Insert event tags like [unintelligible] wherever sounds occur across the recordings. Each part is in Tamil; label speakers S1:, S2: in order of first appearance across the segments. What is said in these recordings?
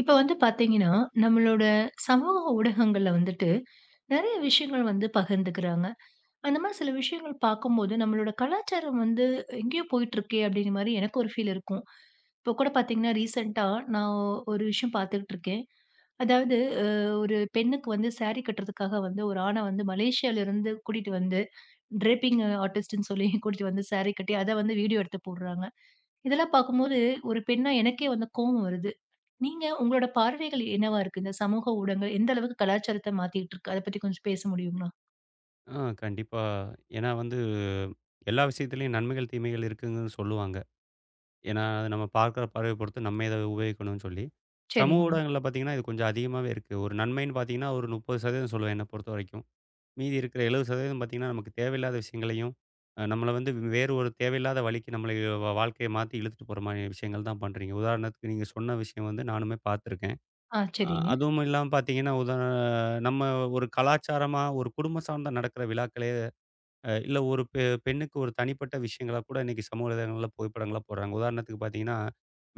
S1: இப்போ வந்து பாத்தீங்கன்னா, நம்மளோட சமூக ஊடகங்கள்ல வந்துட்டு நெறையா விஷயங்கள் வந்து பகிர்ந்துக்குறாங்க. அந்த மாதிரி சில விஷயங்கள் பாக்கும் போது, நம்மளோட கலாச்சாரம் வந்து எங்கயோ போயிட்டு இருக்கே அப்டிங்குற மாதிரி எனக்கு ஒரு ஃபீல் இருக்கும். இப்போ கூடப் பாத்தீங்கன்னா ரீசன்ட்டா, நான் ஒரு விஷயம் பாத்துக்கிட்டு இருக்கேன். அதாவது அ ஒரு பெண்ணுக்கு வந்து சாரி கட்டுறதுக்காக வந்து, ஒரு ஆண வந்து, மலேசியால இருந்து கூட்டிட்டு வந்து, ட்ரேப்பிங்க் ஆர்டிஸ்ட்டுன்னு சொல்லி கூட்டிட்டு வந்து சாரி கட்டி, அத வந்து வீடியோ எடுத்துப் போடுறாங்க. இதெல்லாம் பாக்கும்போது, ஒரு பெண்ணா எனக்கே வந்து கோபம் வருது. நீங்க உங்களோட பார்வைகள் என்னவா இருக்கு? இந்தச் சமூக ஊடகங்கள் எந்த அளவுக்கு கலாச்சாரத்த மாத்திட்டு இருக்கு? அதப் பத்தி கொஞ்சம் பேச முடியுங்களா?
S2: ஆ, கண்டிப்பா. ஏன்னா வந்து, எல்லா விஷயத்துலயும் நன்மைகள் தீமைகள் இருக்குங்கன்னு சொல்லுவாங்க. ஏன்னா, அத நாம பாக்குற பார்வைய பொறுத்து நம்ம ஏதாவது உபயோகிக்கணும்னு சொல்லி. சமூக
S1: செரிங்க.
S2: ஊடகங்கள்ல பாத்தீங்கன்னா, இது கொஞ்சம் அதிகமாவே இருக்கு. ஒரு நன்மைன்னு பாத்தீங்கன்னா, ஒரு 30% சொல்லுவேன் என்னப் பொறுத்தவரைக்கும். மீதி இருக்கிற 70% பாத்தீங்கன்னா, நமக்குத் தேவையில்லாத விஷயங்களையும், அ நம்மள வந்து வேறு ஒரு தேவையில்லாத வழிக்கு நம்மளைய, வ வ வாழ்க்கை மாத்தி இழுத்துட்டு போற மாதிரியான விஷயங்கள்தான் பண்றீங்க. உதாரணத்துக்கு நீங்கச் சொன்ன விஷயம் வந்து நானுமே பாத்திருக்கேன்.
S1: ஆ
S2: அ
S1: செரிங்க.
S2: அதுவும் இல்லாம பாத்தீங்கன்னா, உதார நம்ம ஒரு கலாச்சாரமா, ஒரு குடும்ப சார்ந்த நடக்கிற விழாக்களையே, அ இல்ல ஒரு பெ பெண்ணுக்கு ஒரு தனிப்பட்ட விஷயங்களா கூட இன்னைக்கு சமூக வலைதளங்கள்ல புகைப்படங்களை போடுறாங்க. உதாரணத்துக்குப் பாத்தீங்கன்னா,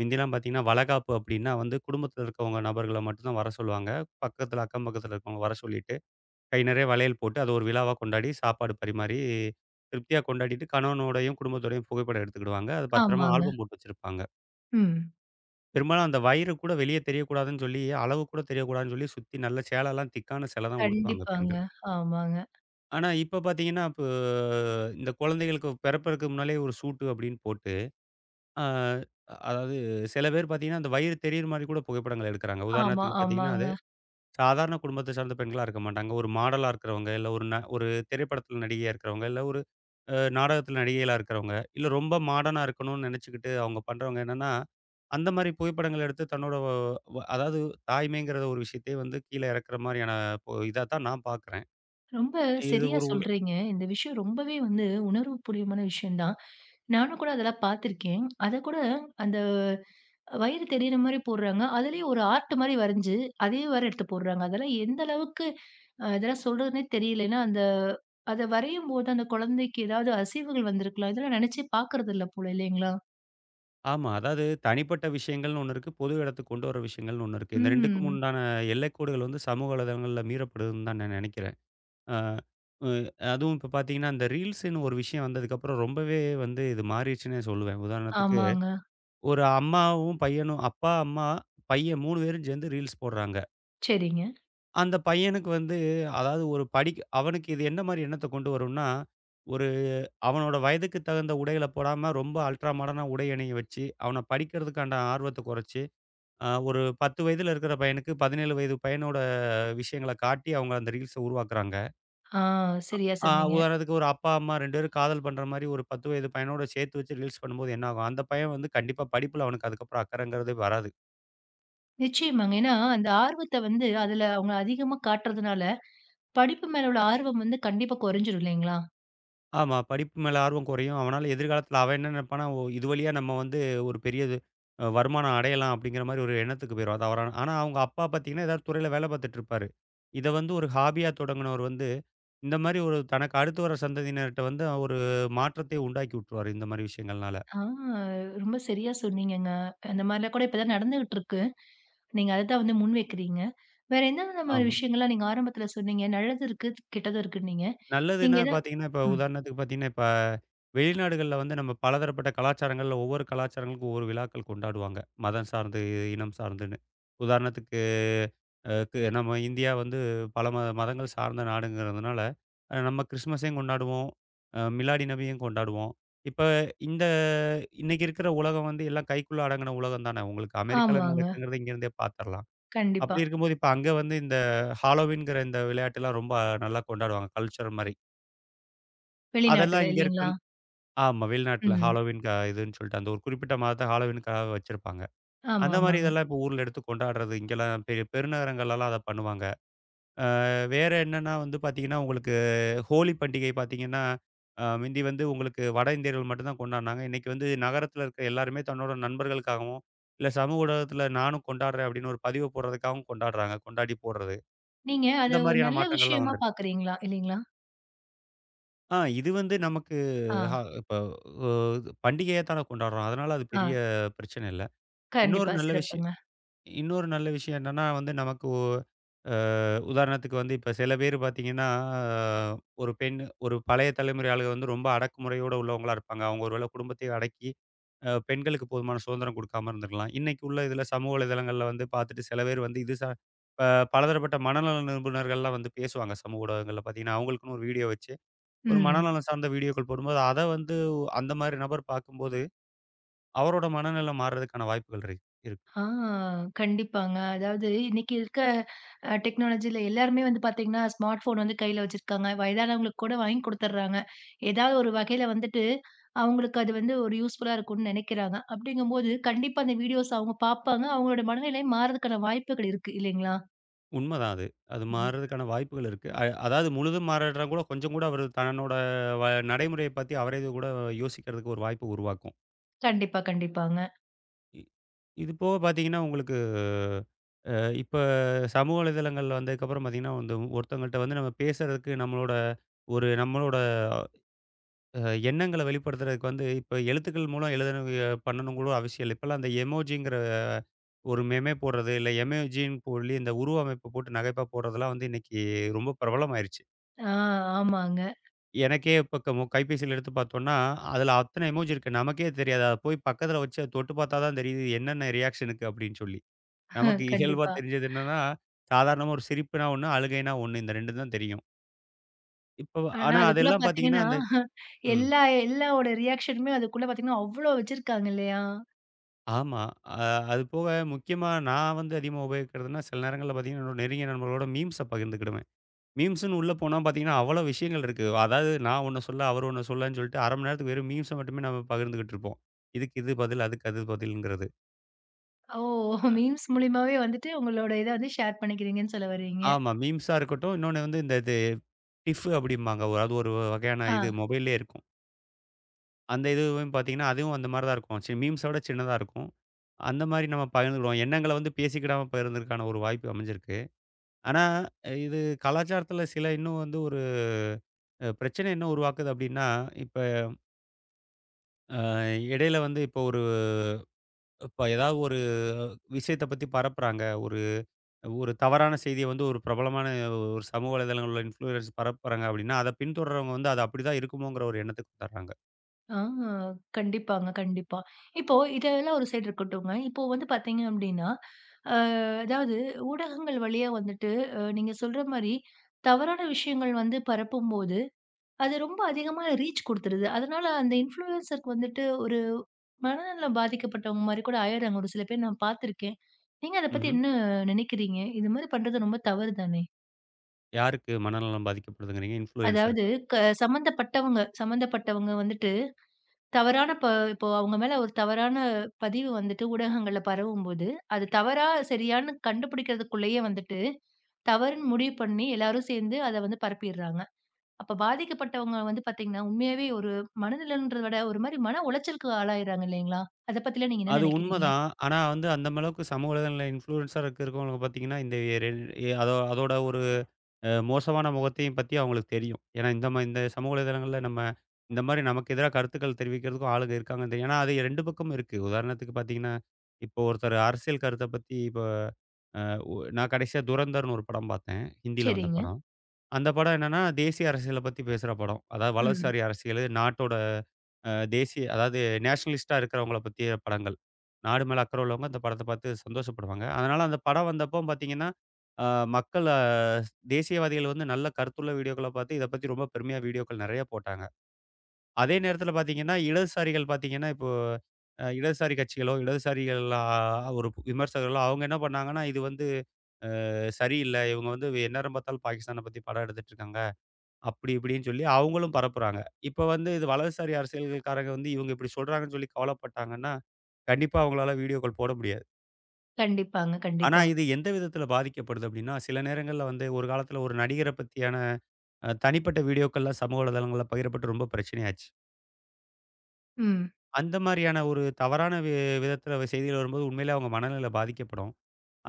S2: மிந்திலாம் பாத்தீங்கன்னா, வளகாப்பு அப்டின்னா வந்து குடும்பத்துல இருக்கவங்க நபர்களை மட்டும்தான் வரச் சொல்லுவாங்க. பக்கத்துல, அக்கம்பக்கத்தில் இருக்கவங்க வரச் சொல்லிட்டு, கை நெறையா வளையல் போட்டு, அத ஒரு விழாவா கொண்டாடி, சாப்பாடு பரிமாறி, திருப்தியா கொண்டாடிட்டு கணவனோடையும், குடும்பத்தோடையும் புகைப்படம் எடுத்துக்கிடுவாங்க. அது பத்திரமா
S1: ஆமாங்க.
S2: ஆல்பம் போட்டு வச்சிருப்பாங்க.
S1: ம்.
S2: பெரும்பாலும் அந்த வயிறு கூட வெளிய தெரியக் கூடாதுன்னு சொல்லி, அளவு கூடத் தெரியக் கூடாதுன்னு சொல்லி சுத்தி நல்ல சேல எல்லாம் திக்கான சேலதான் உடுத்துவாங்க
S1: கண்டிப்பாங்க.
S2: பெண்கள்.
S1: ஆமாங்க.
S2: ஆனா இப்ப பாத்தீங்கன்னா, இப்போ இந்தக் குழந்தைகளுக்குப் பிறப்பதற்க்கு முன்னாலே ஒரு சூட்டு அப்டின்னு போட்டு, ஆ அதாவது சில பேர் பாத்தீங்கன்னா அந்த வயிறு தெரியுற மாரி கூடப் புகைப்படங்கள் எடுக்கிறாங்க.
S1: ஆமா,
S2: உதாரணத்துக்குப் பாத்தீங்கன்னா,
S1: ஆமாங்க.
S2: அது சாதாரண குடும்பத்தைச் சார்ந்த பெண்களா இருக்க மாட்டாங்க. ஒரு மாடலா இருக்குறவங்க இல்ல ஒரு ந ஒரு திரைப்படத்துல நடிகையா இருக்கறவங்க இல்ல ஒரு நாடகத்துல நடிகைகளா இருக்குறவங்க. இல்ல ரொம்ப மாடர்னா இருக்கணும்னு நெனச்சுக்கிட்டு அவுங்க பண்றவங்க என்னன்னா, அந்த மாரி புகைப்படங்களை எடுத்துத் தன்னோட, ஓ அதாவது தாய்மைங்கிற ஒரு விஷயத்தையே வந்து கீழ இரக்கற மாரியான ஓ இதாத்தான் நான் பாக்கிறேன்.
S1: ரொம்ப
S2: இது
S1: செரியா
S2: ஒரு உது
S1: சொல்றீங்க. இந்த விஷயம் ரொம்பவே வந்து உணர்வு பூரியமான விஷயம் தான். நானும் கூட அதெல்லாம் பாத்திருக்கேன். அத கூட அந்த வயிறு தெரியற மாதிரி போடுறாங்க. அதுலயும் ஒரு ஆர்ட் மாரி வரஞ்சு, அதே வேற எடுத்துப் போடுறாங்க. அதெல்லாம் எந்த அளவுக்கு இதெல்லாம் சொல்றதுனே தெரியல. ஏன்னா அந்த அத வரையும் போது அந்தக் கொழந்தைக்கு ஏதாவது அசைவுகள் வந்திருக்கலாம். இதெல்லாம் நினைச்சே பாக்கிறதில்ல போல. இல்லைங்களா?
S2: ஆமா. அதாவது தனிப்பட்ட விஷயங்கள்ன்னு ஒண்ணு இருக்கு. பொது இடத்துக்குக் கொண்டு வர விஷயங்கள்ன்னு ஒண்ணு இருக்கு. இந்த 2க்கும்
S1: ம்.
S2: முண்டான எல்லைக் கோடுகள் வந்து சமூக வலைதளங்கள்ல மீறப்படுதுன்னுதான் நான் நெனைக்கிறேன். ஆ உ அதுவும் இப்ப பாத்தீங்கன்னா அந்த ரீல்ஸ்ன்னு ஒரு விஷயம் வந்ததுக்கு அப்பறம் ரொம்பவே வந்து இது மாறிச்சுன்னே சொல்லுவேன். உதாரணத்துக்கு,
S1: ஆமாங்க.
S2: ஒரு அம்மாவும் பையனும், அப்பா, அம்மா, பையன் 3 வேரும் சேந்து ரீல்ஸ் போடுறாங்க.
S1: சரிங்க.
S2: அந்தப் பையனுக்கு வந்து, அதாவது ஒரு படிக் அவனுக்கு இது என்ன மாரி எண்ணத்த கொண்டு வரும்னா, ஒரு அவனோட வயதுக்குத் தகுந்த உடைகள போடாம, ரொம்ப அல்ட்ரா மாடர்ன்னா உடை அணிய வச்சு, அவன படிக்கறதுக்காண்ட ஆர்வத்தை கொறைச்சு, அ ஒரு 10 வயதுல இருக்குற பையனுக்கு 17 வயது பையனோட விஷயங்களக் காட்டி அவங்க அந்த ரீல்ஸ்ஸ உருவாக்கறாங்க.
S1: ஆ, சரியா
S2: அ
S1: சொன்னீங்க.
S2: உதாரணத்துக்கு ஒரு அப்பா, அம்மா ரெண்டு பேரும் காதல் பண்ற மாரி ஒரு 10 வயது பையனோட சேத்து வச்சு ரீல்ஸ் பண்ணும்போது என்னாகும்? அந்தப் பையன் வந்து கண்டிப்பா படிப்புல அவனுக்கு அதுக்கப்புறம் அக்கறங்கறதே வராது.
S1: நிச்சயமாங்க. ஏன்னா அந்த ஆர்வத்த வந்து அதுல அவங்க அதிகமா காட்டுறதுனால, படிப்பு மேல உள்ள ஆர்வம் வந்து கண்டிப்பா கொறைஞ்சிரும். இல்லீங்ளா?
S2: ஆமா. படிப்பு மேல ஆர்வம் குறையும். அவனால எதிர்காலத்துல அவன் என்ன நினைப்பான்னா, ஓ இது வழியா நம்ம வந்து ஒரு பெரியது அ வருமானம் அடையலாம், அப்டிங்கிற மாரி ஒரு எண்ணத்துக்குப் போயிரும் அதவரான. ஆனா, அவங்க அப்பா பாத்தீங்கன்னா ஏதாது துறைல வேலை பாத்துட்டுருப்பாரு. இதை வந்து ஒரு ஹாபியா தொடங்குனவரு வந்து, இந்த மாரி ஒரு தனக்கு அடுத்து வர சந்ததியினர்ட்ட வந்து அ ஒரு மாற்றத்தை உண்டாக்கி உட்டுருவாரு இந்த மாரி விஷயங்கள்னால.
S1: ஆ! ரொம்ப சரியா சொன்னீங்கங்க. அந்த மாரிலாம் கூட இப்ப தான் நடந்துக்குட்டுருக்கு. நீங்க அததான் வந்து முன்வைக்கிறீங்க. வேற என்னனன்ன மாதிரி
S2: ஆமா.
S1: விஷயங்கள்லாம் நீங்க ஆரம்பத்துல சொன்னீங்க? நல்லது இருக்கு, கெட்டது இருக்குன்னீங்க. நீங்க
S2: நல்லதுன்னா
S1: எதா
S2: பாத்தீங்கன்னா, இப்ப
S1: ம்.
S2: உதாரணத்துக்குப் பாத்தீங்கன்னா, இப்ப வெளிநாடுகள்ல வந்து நம்ம பலதரப்பட்ட கலாச்சாரங்கள்ல ஒவ்வொரு கலாச்சாரங்களுக்கும் ஒவ்வொரு விழாக்கள் கொண்டாடுவாங்க. மதம் சார்ந்து, இனம் சார்ந்துன்னு. உதாரணத்துக்கு, அ கு நம்ம அ இந்தியா வந்து பல மத மதங்கள் சார்ந்த நாடுங்கறதுனால நம்ம கிறிஸ்மஸையும் கொண்டாடுவோம், அ மிலாடிநபியும் கொண்டாடுவோம். இப்ப இந்த இன்னைக்கு இருக்குற உலகம் வந்து எல்லாம் கைக்குள்ள அடங்குன உலகம் தான. உங்களுக்கு அமெரிக்கால என்ன
S1: ஆமாங்க.
S2: நடக்குதுங்கறத இங்க இருந்தே பாத்தர்லாம்.
S1: கண்டிப்பா.
S2: அப்படி இருக்கும்போது, இப்ப அங்க வந்து இந்த ஹாலோவின்ங்கற இந்த விளையாட்டு எல்லாம் ரொம்ப நல்லா கொண்டாடுவாங்க. கல்ட்சர் மாரி.
S1: வெளிநாட்டுது,
S2: அதெல்லாம் இங்க
S1: இல்லீங்களா?
S2: இருக்கன் ஆமா. வெளிநாட்டுல
S1: ம்.
S2: ஹாலோவீன் க இதுன்னு சொல்ட்டு, அந்த ஒரு குறிப்பிட்ட மாதத்தை ஹாலோவீனுக்காக வச்சிருப்பாங்க. அந்த மாதிரி
S1: ஆமாமாங்க.
S2: இதெல்லாம் இப்ப ஊர்ல எடுத்துக் கொண்டாடுறது, இங்கெல்லாம் பெரிய பெருநகரங்கள்லலாம் அதை பண்ணுவாங்க. ஆ வேற என்னன்னா வந்து பாத்தீங்கன்னா, உங்களுக்கு ஹோலி பண்டிகை பாத்தீங்கன்னா, அ முந்தி வந்து உங்களுக்கு வட இந்தியர்கள் மட்டும்தான் கொண்டாடுனாங்க. இன்னைக்கு வந்து நகரத்துல இருக்குற எல்லாருமே தன்னோட நண்பர்களுக்காகவும், இல்ல சமூக ஊடகத்துல நானும் கொண்டாடுறேன், அப்படின்னு ஒரு பதிவ போடுறதுக்காகவும் கொண்டாடுறாங்க, கொண்டாடிப் போடுறது.
S1: நீங்க அதை
S2: இந்த
S1: ஒரு
S2: மாதிரியான
S1: நல்ல
S2: மாற்றங்கள்லாம்
S1: விஷயமா
S2: வந்திருக்
S1: பாக்குறீங்களா? இல்லீங்களா?
S2: ஆ, இது வந்து நமக்கு ஹ
S1: ஆ.
S2: இப்போ ஓது பண்டிகையாத்தானே கொண்டாடுறோம், அதனால அது பெரிய
S1: ஆ.
S2: பிரச்சனை இல்ல. இன்னொரு
S1: கண்டிப்பா.
S2: நல்ல விஷய
S1: சிறப்புங்க.
S2: இன்னொரு நல்ல விஷயம் என்னன்னா, வந்து நமக்கு ஒ அ உதாரணத்துக்கு வந்து இப்ப சில பேரு பாத்தீங்கன்னா, அ ஒரு பெண் ஒரு பழைய தலைமுறை ஆளுக வந்து ரொம்ப அடக்குமுறையோட உள்ளவங்களா இருப்பாங்க. அவங்க ஒருவேளை குடும்பத்தையே அடக்கி, அ பெண்களுக்குப் போதுமான சுதந்திரம் குடுக்காம இருந்துருக்கலாம். இன்னைக்கு உள்ள இதுல சமூக வலைதளங்கள்ல வந்து பாத்துட்டு, சில பேர் வந்து, இது சா ப பலதரப்பட்ட மனநல நிபுணர்கள்லாம் வந்து பேசுவாங்க, சமூக ஊடகங்கள்ல பார்த்தீங்கன்னா, அவங்களுக்குன்னு ஒரு வீடியோ வச்சு. ஒரு
S1: ம்.
S2: மனநலம் சார்ந்த வீடியோக்கள் போடும்போது, அத வந்து வ் அந்த மாதிரி நபர் பாக்கும்போது, அவரோட மனநலம் மார்றதுக்கான வாய்ப்புகள் [unintelligible] இருக்
S1: ஆ, கண்டிப்பாங்க. அதாவது இன்னைக்கு இருக்க, அ டெக்னாலஜில எல்லாருமே வந்து பாத்தீங்கன்னா, ஸ்மார்ட் ஃபோன் வந்து கைல வச்சிருக்காங்க. வயதானவங்களுக்கு கூட வாங்கி கொடுத்தர்றாங்க. ஏதாவது ஒரு வகைல வந்துட்டு, அவங்களுக்கு அது வந்து ஒரு யூஸ்புல்லா இருக்கும்னு நினைக்கிறாங்க. அப்டிங்கம் போது, கண்டிப்பா அந்த வீடியோஸ் அவுங்க பாப்பாங்க. அவங்களோட மனநிலை மார்றதுக்கான வாய்ப்புகள் இருக்கு, இல்லீங்களா?
S2: உண்மதான் அது. அது
S1: ம்.
S2: மார்றதுக்கான வாய்ப்புகள் இருக்கு. அய் அதாவது முழுதும் மாறல்லேன்னா கூட, கொஞ்சம் கூட அவரு தன்னோட வ நடைமுறையப் பத்தி அவரே இதுகூட யோசிக்கிறதுக்கு ஒரு வாய்ப்பு உருவாக்கும்.
S1: கண்டிப்பா, கண்டிப்பாங்க.
S2: இ இது போகப் பார்த்தீங்கன்னா உங்களுக்கு, அ, இப்ப சமூக வலைதளங்கள்ல வந்ததுக்கு அப்புறம் பார்த்தீங்கன்னா, வந்து ஒருத்தங்கள்ட்ட வந்து நம்ம பேசுறதுக்கு நம்மளோட ஒரு நம்மளோட, அ எண்ணங்கள வெளிப்படுத்துறதுக்கு வந்து, இப்ப எழுத்துக்கள் மூலம் எழுதணுவுக பண்ணணுங்கூட அவசியம் இல்ல. இப்பெல்லாம் அந்த எமொஜிங்கிற ஒரு மெமே போடுறது இல்ல, எமொஜி போலி இந்த உருவ அமைப்ப போட்டு நகைப்பா போடுறதெல்லாம் வந்து இன்னைக்கு ரொம்ப பிரபலமாயிருச்சு.
S1: ஆ, ஆமாங்க.
S2: எனக்கே இப்ப க நம்ம கைப்பேசியில எடுத்துப் பாத்தோன்னா, அதுல அத்தன எமொஜி இருக்கு நமக்கே தெரியாது. அதப் போய்ப் பக்கத்துல வச்சு தொட்டுப் பாத்தா தான் தெரியுது. என்னென்ன ரியாக்ஷனுக்கு அப்டின்னு சொல்லி. நமக்கு
S1: [chuckles]
S2: இயல்பா
S1: கண்டிப்பா.
S2: தெரிஞ்சது என்னன்னா, சாதாரண ஒரு சிரிப்புனா 1, அழுகைனா 1 இந்த 2 தான் தெரியும். இப்போ,
S1: ஆனா,
S2: ஆனா
S1: அதுக்குள்ள
S2: அதெல்லாம் பாத்தீங்கன்னா.
S1: பார்த்தீங்கன்னா
S2: அந்த
S1: [chuckles]
S2: ம்.
S1: எல்லா எல்லாவோட ரியாக்ஷனுமே அதுக்குள்ள பார்த்தீங்கன்னா அவ்ளோ வச்சிருக்காங்க இல்லையா?
S2: ஆமா. அ, அது போக முக்கியமா நான் வந்து அதிகமா உபயோகிக்கிறதுன்னா சில நேரங்கள்ல பாத்தீங்கன்னா என்னோட நெருங்கிய நண்பர்களோட மீம்ஸ்ஸ பகிர்ந்துக்கிடுவேன். மீம்ஸ்ன்னு உள்ள போனா பாத்தீங்கன்னா, அவ்ளோ விஷயங்கள் இருக்கு. அதாவது நான் ஒண்ணு சொல்ல அவர் ஒண்ணு சொல்லன்னு சொல்ட்டு, 0:30 மணி நேரத்துக்கு வெறும் மீம்ஸ மட்டுமே நம்ம பகிர்ந்து கிட்டு இருப்போம். இதுக்கு இது பதில். அதுக்கு பதில்ங்குறது.
S1: ஓ!
S2: அ.
S1: மீம்ஸ் மூலியமாவே வந்துட்டு, உங்களோட இத வந்து ஷேர் பண்ணிக்கிறீங்கன்னு சொல்ல வர்றீங்க.
S2: ஆமா. மீம்ஸா இருக்கட்டும், இன்னொன்னு வந்து இந்த இது கிஃபு அப்படிம்பாங்க. வ அது ஒரு வகையான இது
S1: ஆ.
S2: மொபைல்லயே இருக்கும். அந்த இதுவும் பாத்தீங்கன்னா, அதுவும் அந்த மாதிரி தான் இருக்கும். சி மீம்ஸ விடச் சின்னதா இருக்கும். அந்த மாதிரி நாம பகிர்ந்து கொள்வோம். எண்ணங்களை பேசிக்கிடாமா பகிர்ந்துகிறதற்கான ஒரு வாய்ப்பு அமைஞ்சிருக்கு. ஆனா, இது கலாச்சாரத்துல சில இன்னும் வந்து ஒரு, அ பிரச்சனை என்ன உருவாக்குது அப்படின்னா, இப்ப ஆ இடையில வந்து இப்போ ஒரு இப்ப ஏதாவது ஒரு விஷயத்தப் பத்தி பரப்புறாங்க. ஒரு, ஒரு தவறான செய்திய வந்து ஒரு பிரபலமான ஒரு சமூக வலைத்தளங்கள்ல இன்ஃபுலுயன்சர் பரப்புறாங்க அப்படின்னா, அத பின்தொடர்றவங்க வந்து அது அப்படி தான் இருக்குமோங்கிற ஒரு எண்ணத்துக்குத் தர்றாங்க.
S1: ஆ. கண்டிப்பாங்க, கண்டிப்பா. இப்போ இதெல்லாம் ஒரு சைட் இருக்கட்டுங்க. இப்போ வந்து பார்த்தீங்க அப்டின்னா, அ அதாவது ஊடகங்கள் வழியா வந்துட்டு, அ நீங்கச் சொல்ற மாதிரி தவறான விஷயங்கள் வந்து பரப்பும்போது, அது ரொம்ப அதிகமா ரீச் கொடுத்துருது. அதனால அந்த இன்ஃபுலுயன்சர் வந்துட்டு, ஒரு மனநலம் பாதிக்கப்பட்டவங்க மாரி கூட ஆயிட்றாங்க, ஒரு சில பேர் நான் பார்த்திருக்கேன். நீங்க அதைப் பத்தி
S2: ம்ஹ்ம்.
S1: என்ன நினைக்கிறீங்க? இது மாதிரி பண்றது ரொம்ப தவறுதானே?
S2: யாருக்கு மனநலம் பாதிக்கப்படுதுங்கறீங்க?
S1: அதாவது
S2: இன்ஃப்ளுயன்ஸர்க்கா?
S1: க சம்பந்தப்பட்டவங்க சம்பந்தப்பட்டவங்க வந்துட்டு தவறான பா இப்போ அவங்க மேல ஒரு தவறான பதிவு வந்துட்டு ஊடகங்கள்ல பரவும்போது, அது தவறா? சரியான்னு? கண்டுபிடிக்கறதுக்குள்ளேயே வந்துட்டு, தவறுன்னு முடிவு பண்ணி, எல்லாரும் சேர்ந்து அத வந்து பரப்பிடுறாங்க. அப்ப பாதிக்கப்பட்டவங்க வந்து பார்த்தீங்கன்னா, உண்மையாவே ஒரு மனநலம்ன்றதை விட ஒரு மாதிரி மன உளைச்சலுக்கு ஆளாயிடுறாங்க இல்லீங்களா? அதைப் பத்திலாம் நீங்க என்ன
S2: அது உண்ம
S1: நினைக்கிறீங்க?
S2: தான். ஆனா, வந்து அந்த அளவுக்குச் சமூக வலைத்தளங்கள்ல இன்ஃப்ளுயன்ஸரா இருக்குறவங்க பாத்தீங்கன்னா, இந்த ரெண் எ அதோ அதோட ஒரு அ மோசமான முகத்தையும் பத்தி அவங்களுக்கு தெரியும். ஏன்னா இந்த ம இந்த சமூக வலைத்தளங்கள்ல நம்ம இந்த மாதிரி நமக்கு எதிரா கருத்துக்கள் தெரிவிக்கறதுக்கும் ஆளுங்க இருக்காங்க தெரியும். ஏன்னா அது 2 பக்கமும் இருக்கு. உதாரணத்துக்கு பாத்தீங்கன்னா இப்போ ஒருத்தர் அரசியல் கருத்தைப் பத்தி இப்போ அ ஒ நான் கடைசியா துரந்தர்ன்னு ஒரு படம் பாத்தேன். ஹிந்தில வந்த
S1: சரிங்க.
S2: படம். அந்தப் படம் என்னன்னா தேசிய அரசியலைப் பத்தி பேசுற படம். அதாவது
S1: ம்.
S2: வலதுசாரி அரசியல் நாட்டோட அ தேசிய, அதாவது நேஷ்னலிஸ்ட்டா இருக்கறவங்கள பத்தியான படங்கள். நாடு மேல அக்கறை உள்ளவங்க இந்தப் படத்தைப் பாத்து சந்தோஷப்படுவாங்க. அதனால அந்தப் படம் வந்தப்போ பாத்தீங்கன்னா, அ மக்கள தேசியவாதிகள் வந்து நல்ல கருத்து உள்ள வீடியோக்களைப் பாத்து இதைப் பத்தி ரொம்ப பெருமையா வீடியோக்கள் நெறைய போட்டாங்க. அதே நேரத்துல பாத்தீங்கன்னா, இடதுசாரிகள் பாத்தீங்கன்னா இப்போ அ இடதுசாரி கட்சிகளோ, இடதுசாரிகள் அ ஒரு விமர்சகர்களோ அவங்க என்ன பண்ணாங்கன்னா? இது வந்து அ சரி இல்ல. இவங்க வந்து எந்நேரம் பார்த்தாலும் பாகிஸ்தானப் பத்தி படம் எடுத்துட்டு இருக்காங்க. அப்படி இப்படின்னு சொல்லி அவங்களும் பரப்புறாங்க. இப்போ வந்து இது வலதுசாரி அரசியல் காரங்க வந்து இவங்க இப்படி சொல்றாங்கன்னு சொல்லிக் கவலைப்பட்டாங்கன்னா. கண்டிப்பா அவங்களால வீடியோக்கள் போட முடியாது.
S1: கண்டிப்பாங்க.
S2: ஆனா,
S1: கண்டிப்பா.
S2: இது எந்த விதத்துல பாதிக்கப்படுது அப்படின்னா, சில நேரங்கள்ல வந்து ஒரு காலத்துல ஒரு நடிகரப் பத்தியான, அ தனிப்பட்ட வீடியோக்கள்லாம் சமூக வலைத்தளங்கள்ல பகிரப்பட்டு ரொம்ப பிரச்சனையாச்சு.
S1: ம்.
S2: அந்த மாரியான ஒரு தவறான வி விதத்துல செய்திகள் வரும்போது உண்மையில அவங்க மனநில பாதிக்கப்படும்.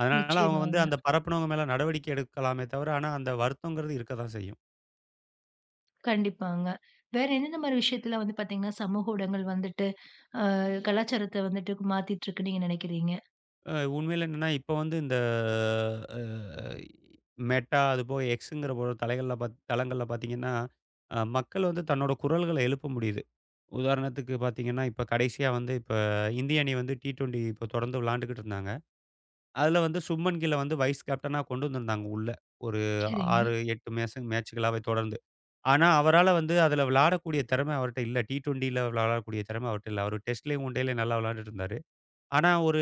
S2: அதனால அவங்க வந்து
S1: நிச்சயமாங்க.
S2: அந்த பரப்பினவங்க மேல நடவடிக்கை எடுக்கலாமே தவிர, ஆனா, அந்த வருத்தங்கறது இருக்கத்தான் செய்யும்.
S1: கண்டிப்பாங்க. வேற என்னென்ன மாரி விஷயத்துல வந்து பாத்தீங்கன்னா சமூக ஊடகங்கள் வந்துட்டு, அ, கலாச்சாரத்த வந்துட்டு மாத்திட்டுருக்குன்னு நீங்க நெனைக்கிறீங்க?
S2: அ, உண்மையில என்னன்னா, இப்போ வந்து இந்த அ, மெட்டா, அது போக எக்ஸ்ங்கிற ஒரு தலைகள்ல பாத் தளங்கள்ல பாத்தீங்கன்னா, அ மக்கள் வந்து தன்னோட குரல்கள எழுப்ப முடியுது. உதாரணத்துக்கு பாத்தீங்கன்னா, இப்ப கடைசியா வந்து இப்ப இந்திய அணி வந்து டி-டுவென்டி தொடந்து விளயாண்டுகிட்டு இருந்தாங்க. அதுல வந்து சுப்மன்கில்ல வந்து வைஸ் கேப்டனா கொண்டு வந்திருந்தாங்க உள்ள, ஒரு
S1: சரிங்க.
S2: 6, 8 மேஸ மேச்சுகளாவே தொடர்ந்து. ஆனா, அவரால வந்து அதுல விளயாடக்கூடிய திறம அவர்ட்ட இல்லை. டி-டுவென்டில விளையாடக்கூடிய திறம அவர்ட்ட இல்ல. அவரு டெஸ்ட்லயும், ஒன் டேலயும் நல்லா விளயாண்டுட்டு இருந்தாரு. ஆனா ஒரு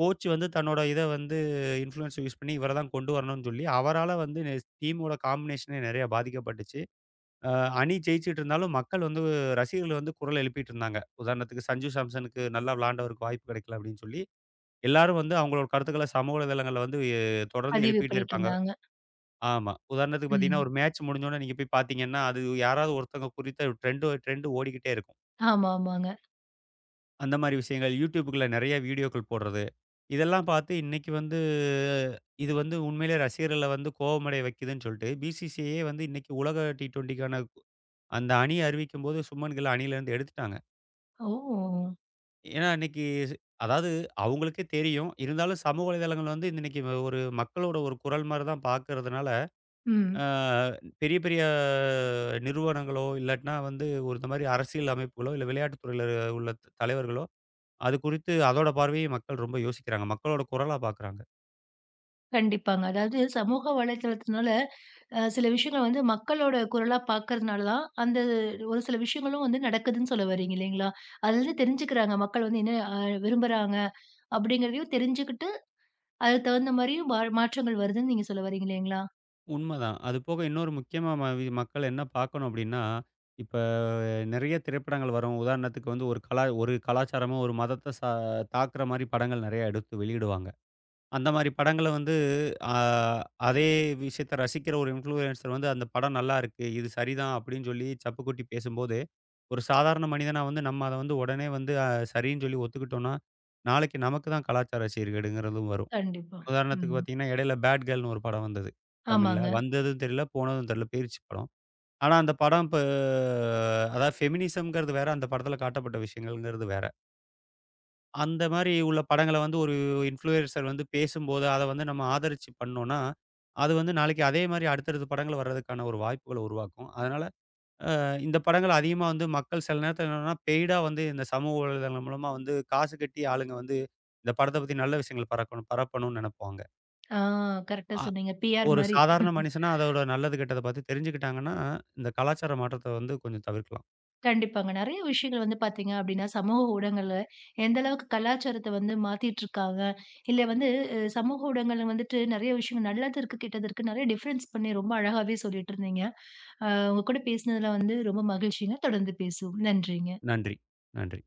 S2: கோச் வந்து தன்னோட இத வந்து இன்ஃபுளூயென்ஸ யூஸ் பண்ணி இவரத் தான் கொண்டு வரணும்னு சொல்லி அவரால வந்து, ஸ் டீமோட காம்பிநேஷனே நெறைய பாதிக்கப்பட்டுச்சு. அ, அணி ஜெயிச்சிட்டு இருந்தாலும் மக்கள் வந்து ரசிகர்கள் வந்து குரல் எழுப்பிட்டு இருந்தாங்க. உதாரணத்துக்கு சஞ்சு சாம்சனுக்கு நல்லா விளயாண்டவருக்கு வாய்ப்பு கிடைக்கல அப்படின்னு சொல்லி, எல்லாரும் வந்து அவங்க கருத்துக்கள சமூக வலைத்தளங்கள்ல வந்து எ தொடர்ந்து
S1: பதிவு
S2: எழுப்பிட்டே இருப்பாங்க.
S1: பண்ணிட்டுருந்தாங்க.
S2: ஆமா. உதாரணத்துக்கு பாத்தீங்கன்னா
S1: ம்.
S2: ஒரு மேட்ச் முடிஞ்ச உடனே நீங்கப் போய் பாத்தீங்கன்னா அது யாராவது ஒருத்தங்க குறித்த டிரெண்ட் டிரெண்டு ஓடிக்கிட்டே இருக்கும்.
S1: ஆமாமாங்க.
S2: அந்த மாதிரி விஷயங்கள் YoutTubeகுள்ள நிறைய வீடியோக்கள் போடுறது. இதெல்லாம் பாத்து இன்னைக்கு வந்து, இது வந்து உண்மையில ரசிகர்கள வந்து கோபமடைய வைக்குதுன்னு சொல்லிட்டு பி.சி.சி.ஐயே வந்து இன்னைக்கு உலக டி20க்கான அந்த அணிய அறிவிக்கும் போது சுப்மன் கில்ல அணியிலிருந்து எடுத்துட்டாங்க.
S1: ஓ!
S2: ஏன்னா இன்னைக்கு அதாவது அவங்களுக்கே தெரியும். இருந்தாலும் சமூக வலைத்தளங்கள் வந்து இன்னைக்கு ஒரு மக்களோட ஒரு குரல் மாதிரி தான் பாக்குறதுனால,
S1: ம்.
S2: அ பெரிய, பெரிய நிறுவனங்களோ, இல்லாட்டின்னா வந்து ஒரு இந்த மாதிரி அரசியல் அமைப்புகளோ, இல்ல விளையாட்டுத் துறையில உள்ள தலைவர்களோ அது குறித்து அதோட பார்வையை மக்கள் ரொம்ப யோசிக்கிறாங்க. மக்களோட குரலா பாக்குறாங்க.
S1: கண்டிப்பாங்க. அதாவது சமூக வலைதளத்துனால, அ சில விஷயங்கள் வந்து மக்களோட குரலா பார்க்கிறதுனாலதான் அந்த ஒரு சில விஷயங்களும் வந்து நடக்குதுன்னு சொல்ல வர்றீங்க. இல்லீங்களா? அதிலிருந்து தெரிஞ்சுக்கிறாங்க மக்கள் வந்து என்ன அ விரும்புறாங்க? அப்படிங்கிறதையும் தெரிஞ்சுக்கிட்டு அதுக்கு தகுந்த மாதிரியும் மா மாற்றங்கள் வருதுன்னு நீங்க சொல்ல வர்றீங்க, இல்லீங்களா?
S2: உண்ம தான். அது போக இன்னொரு முக்கியமா ம வி மக்கள் என்ன பாக்கணும் அப்படின்னா, இப்ப நெறைய திரைப்படங்கள் வரும். உதாரணத்துக்கு வந்து ஒரு கல ஒரு கலாச்சாரமும் ஒரு மதத்த ச தாக்குற மாதிரி படங்கள் நெறைய எடுத்து வெளியிடுவாங்க. அந்த மாதிரி படங்கள வந்து அ அதே விஷயத்த ரசிக்கிற ஒரு இன்ஃப்ளுயன்ஸர் வந்து, "அந்த படம் நல்லா இருக்கு. இது சரி தான்." அப்படின்னு சொல்லிச் சப்பு கொட்டி பேசும்போது, ஒரு சாதாரண மனிதனா வந்து நம்ம அத வந்து உடனே வந்து சரின்னு சொல்லி ஒத்துக்கிட்டோன்னா, நாளைக்கு நமக்கு தான் கலாச்சார சீர்கேடுங்குறதும் வரும்.
S1: கண்டிப்பா.
S2: உதாரணத்துக்கு
S1: ம்.
S2: பாத்தீங்கன்னா இடையில பேட் கேர்ள்ன்னு ஒரு படம் வந்தது தமிழ்ல.
S1: ஆமாங்க.
S2: வந்ததும் தெரியல போனதும் தெரியல. போயிருச்சு படம். ஆனா அந்தப் படம் ப அதாவது ஃபெமினிசம்ங்கறது வேற. அந்தப் படத்துல காட்டப்பட்ட விஷயங்கள்ன்றது வேற. அந்த மாதிரி உள்ள படங்கள வந்து ஒரு இன்ஃப்ளுயன்ஸர் வந்து பேசும்போது, அத வந்து நம்ம ஆதரிச்சு பண்ணோம்னா, அது வந்து நாளைக்கு அதே மாதிரி அடுத்தடுத்துப் படங்கள் வர்றதுக்கான ஒரு வாய்ப்புகளை உருவாக்கும். அதனால அ இந்தப் படங்கள அதிகமா வந்து மக்கள் சில நேரத்துல பெய்டா வந்து இந்தச் சமூக வலைத்தளம் மூலமா வந்து காசு கட்டி ஆளுங்க வந்து இந்தப் படத்த பத்தி நல்ல விஷயங்கள பரக்கணும் பரப்பணும்னு நெனைப்பாங்க.
S1: ஆ. கரெக்ட்டா
S2: அ
S1: சொன்னீங்க. பி.ஆர்
S2: ஒரு
S1: மாரி.
S2: சாதாரண மனுஷனா,
S1: [chuckles]
S2: அதோட நல்லது கெட்டதை பத்தி தெரிஞ்சுக்கிட்டாங்கன்னா, இந்தக் கலாச்சார மாற்றத்த வந்து கொஞ்சம் தவிர்க்கலாம்.
S1: கண்டிப்பாங்க. நெறைய விஷயங்கள் வந்து பார்த்தீங்க அப்டின்னா சமூக ஊடகங்கள்ல, எந்த அளவுக்கு கலாச்சாரத்தை வந்து மாத்திட்டு இருக்காங்க. இல்ல வந்து, அ சமூக ஊடகங்கள்ல வந்துட்டு நிறைய விஷயம் நல்லது இருக்கு, கெட்டது இருக்கு நெறைய டிஃப்ரென்ஸ் பண்ணி ரொம்ப அழகாவே சொல்லிட்டு இருந்தீங்க. ஆ உங்க கூட பேசுனதுல வந்து ரொம்ப மகிழ்ச்சிங்க. தொடர்ந்து பேசுவோம். நன்றிங்க.
S2: நன்றி, நன்றி.